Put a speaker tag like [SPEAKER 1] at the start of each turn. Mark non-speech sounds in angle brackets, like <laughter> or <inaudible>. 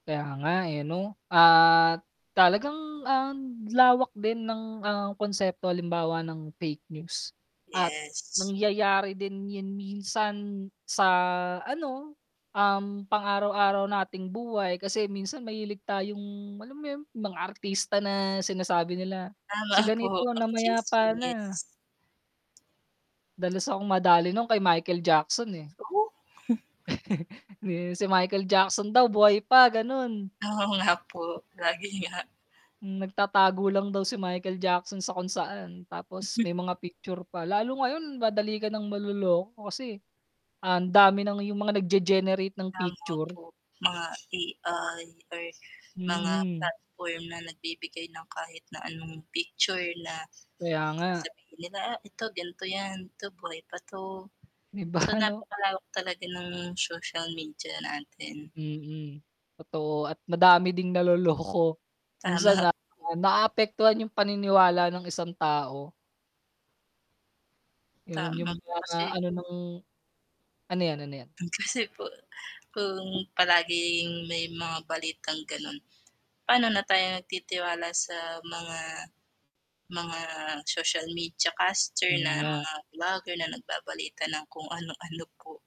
[SPEAKER 1] Kaya nga eh, no. At talagang ang lawak din ng ang konsepto halimbawa ng fake news at
[SPEAKER 2] Yes
[SPEAKER 1] nangyayari din yun minsan sa ano, um, pang-araw araw nating buhay. Kasi minsan mahilig tayong alam mo yun, yung mga artista na sinasabi nila,
[SPEAKER 2] Tama
[SPEAKER 1] "Si
[SPEAKER 2] <chuckles> po
[SPEAKER 1] ganito
[SPEAKER 2] ang
[SPEAKER 1] namaya pa na."
[SPEAKER 2] chismis.
[SPEAKER 1] Dalas akong madali nun kay Michael Jackson, eh.
[SPEAKER 2] <chuckles>
[SPEAKER 1] <chuckles> Si Michael Jackson daw buhay pa ganun.
[SPEAKER 2] Oo nga po, lagi nga.
[SPEAKER 1] Nagtatago lang daw si Michael Jackson sa kung saan, tapos
[SPEAKER 2] Mhm.
[SPEAKER 1] may mga picture pa. Lalo ngayon madali ka ng maloloko kasi ang dami ng yung mga nag-ge-generate ng
[SPEAKER 2] Tama
[SPEAKER 1] picture.
[SPEAKER 2] po, mga AI or mga
[SPEAKER 1] Mm.
[SPEAKER 2] platform na nagbibigay ng kahit na anong picture na
[SPEAKER 1] Kaya nga.
[SPEAKER 2] sasabihin nila ito ganto yan to buhay pa to.
[SPEAKER 1] Di ba,
[SPEAKER 2] So,
[SPEAKER 1] ano?
[SPEAKER 2] napakalawak talaga ng social media natin.
[SPEAKER 1] Mm, totoo at madami ding naloloko. <chuckles> Minsan
[SPEAKER 2] Tama
[SPEAKER 1] na
[SPEAKER 2] <chuckles> po.
[SPEAKER 1] naapektuhan yung paniniwala ng isang tao. Yun, yung
[SPEAKER 2] Tama po
[SPEAKER 1] mga
[SPEAKER 2] kasi
[SPEAKER 1] ano ng ano yan, ano yan?
[SPEAKER 2] mm, kasi po kung palaging may mga balitang ganun, pano na tayo nagtitiwala sa mga, mga social media caster
[SPEAKER 1] Yun
[SPEAKER 2] na
[SPEAKER 1] nga.
[SPEAKER 2] mga vlogger na nagbabalita ng kung <chuckles> ano ano po.